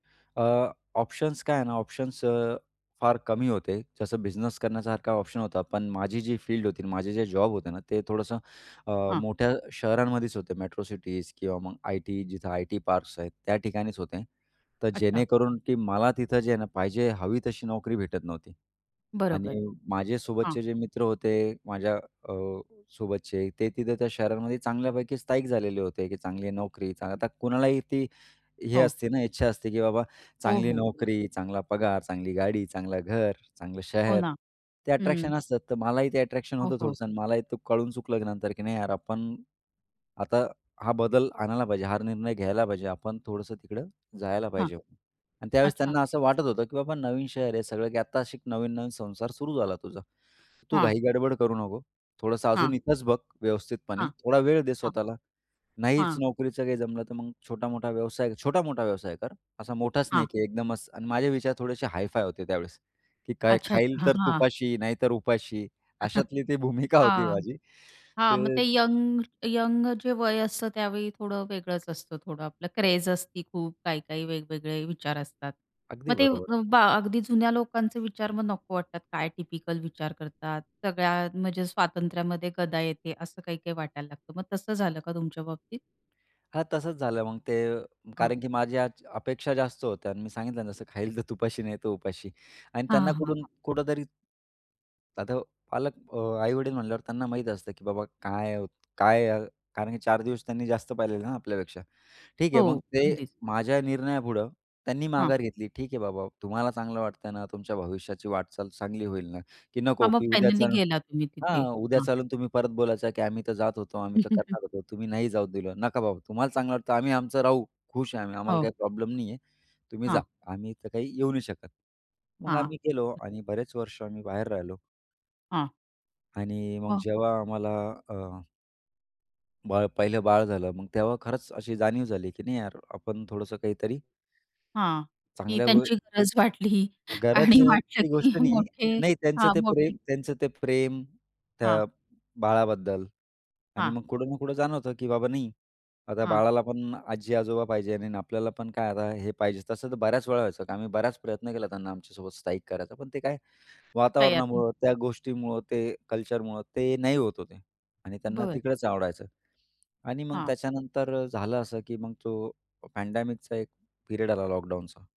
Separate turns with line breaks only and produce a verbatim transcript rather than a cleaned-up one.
अ, options काय आहे ना? ऑप्शन्स अ, फार कमी होते. जसं बिझनेस करण्यासारखा ऑप्शन होता पण माझी जी फील्ड होती, माझे जे जॉब होते ना ते थोडंसं अ,
हां.
मोठ्या शहरांमध्येच होते, मेट्रो सिटीज किंवा मग आयटी जिथं आयटी पार्क्स आहेत त्या ठिकाणीच होते. तर
अच्छा.
जेणेकरून की मला तिथं जे आहे ना पाहिजे हवी तशी नोकरी भेटत नव्हती.
बरोबर.
आणि माझे
हां.
सोबतचे जे मित्र होते माझ्या अ, सोबतचे ते तिथं त्या शहरामध्ये चांगल्यापैकी स्थाईक झालेले होते, की चांगली नोकरी चा आता कुणालाही ती हे
हो.
असते ना इच्छा असते की बाबा
हो,
चांगली
हो. बरोबर.
नोकरी चांगला पगार, चांगली गाडी, चांगलं घर, चांगलं
हो
शहर.
ना.
ते
हं.
अट्रॅक्शन असतात तर मलाही ते अट्रॅक्शन
हो,
होतं
हो.
थोडंसं आणि मलाही ते कळून चुकलं नंतर की नाही यार आपण, आता हा बदल आणायला पाहिजे हार निर्णय घ्यायला पाहिजे. आपण थोडंसं तिकडं जायला
हां.
पाहिजे. आणि त्यावेळेस
अच्छा.
त्यांना असं वाटत होतं की बाबा नवीन शहर आहे सगळं की आत्ता अशी एक नवीन-नवीन संसार सुरू झाला तुझा. तू
हां.
घाई गडबड करू नको. थोडंसं
हां.
अजून इथंच बघ, व्यवस्थितपणे.
हां.
थोडा वेळ दे
हां.
स्वतःला. नाहीच
हां.
नोकरीचं काही जमलं तर मग छोटा-मोठा व्यवसाय छोटा-मोठा व्यवसाय कर. असा मोठाच नाही
हां.
की एकदमच आणि माझे विचार थोडेसे हाय-फाय होते त्यावेळेस. की काय
अच्छा,
"खाईल
अच्छा. हां,
तर
हां.
तुपाशी नाहीतर उपाशी" अशातली ती भूमिका होती
हां.
माझी.
हां, मग
ते.
ते यंग यंग जे वय असतं त्यावेळी थोडं वेगळंच असतं थोडं आपलं क्रेझ असती खूप काही-काही वेगवेगळे विचार असतात.
अगदी
मग ते
बरोबर.
बा अगदी जुन्या लोकांचे विचार मग नको वाटतात काय टिपिकल विचार करतात. सगळ्या म्हणजे स्वातंत्र्यामध्ये गदा येते असं काही-काही वाटायला लागतं. मग तसं झालं का तुमच्या बाबतीत?
हां तसंच झालं मग ते अ,
हां.
कारण की माझ्या आज अपेक्षा जास्त होत्या आणि मी सांगितलं जसं "खाईल तर तुपाशी नाही तर उपाशी" आणि त्यांना
हां, हां,
कुठून
हां.
कुठेतरी. आता पालक अ, आई-वडील म्हंटल्यावर त्यांना माहीत असतं की बाबा काय आहे काय आहे कारण की चार दिवस त्यांनी जास्त पाहिलेले ना आपल्यापेक्षा. ठीक आहे मग
हो,
ते
अगदीच.
माझ्या निर्णयापुढं त्यांनी
हां.
माघार घेतली. ठीक आहे बाबा तुम्हाला चांगलं वाटतंय ना तुमच्या भविष्याची वाटचाल चांगली होईल ना की नको
हां मग
की उद्या
फायनली
चालून
गेला तुम्ही
हां,
तिथे.
उद्या
हां.
चालून तुम्ही परत बोलायचं की "आम्ही तर जात होतो", "आम्ही तर करणार होतो", "तुम्ही नाही जाऊ दिलं". "नका बाबा तुम्हाला चांगलं वाटतं आम्ही आमचं राहू. खुश आहे आम्ही, आम्हाला
हो.
काही प्रॉब्लेम नाही आहे. तुम्ही जा,
हां.
आम्ही तर काही येऊ नाही शकत." मग
हां.
आम्ही गेलो आणि बरेच वर्ष आम्ही बाहेर राहिलो.
हां.
आणि मग
हो.
जेव्हा आम्हाला अ बाळ, पहिलं बाळ झालं मग तेव्हा खरंच अशी जाणीव झाली की नाही यार आपण थोडंसं काहीतरी
हां. की
चांगल्यावर.
त्यांची गरज वाटली आणि वाटलं
गरजची
की
गोष्ट नाही.
मोठे
नाही त्यांचं
हां
ते
मोठे.
प्रेम त्यांचं ते प्रेम
हां.
त्या बाळाबद्दल आणि
हां.
मग कुठं ना कुठं जाणवतं की बाबा नाही आता
हां.
बाळाला पण आजी-आजोबा पाहिजे आणि आपल्याला पण काय आता हे पाहिजे. तसं तर बऱ्याच वेळा व्हायचं आम्ही बराच प्रयत्न केला त्यांना आमच्यासोबत स्थाईक करायचा. पण ते काय
तयार नाही.
वातावरणामुळं, त्या गोष्टीमुळं, ते कल्चरमुळं ते नाही होत होते आणि त्यांना
बरं.
तिकडंच आवडायचं. आणि मग
हां.
त्याच्यानंतर अ, झालं असं की मग तो पँडेमिकचा एक पिरियड आला लॉकडाऊनचा.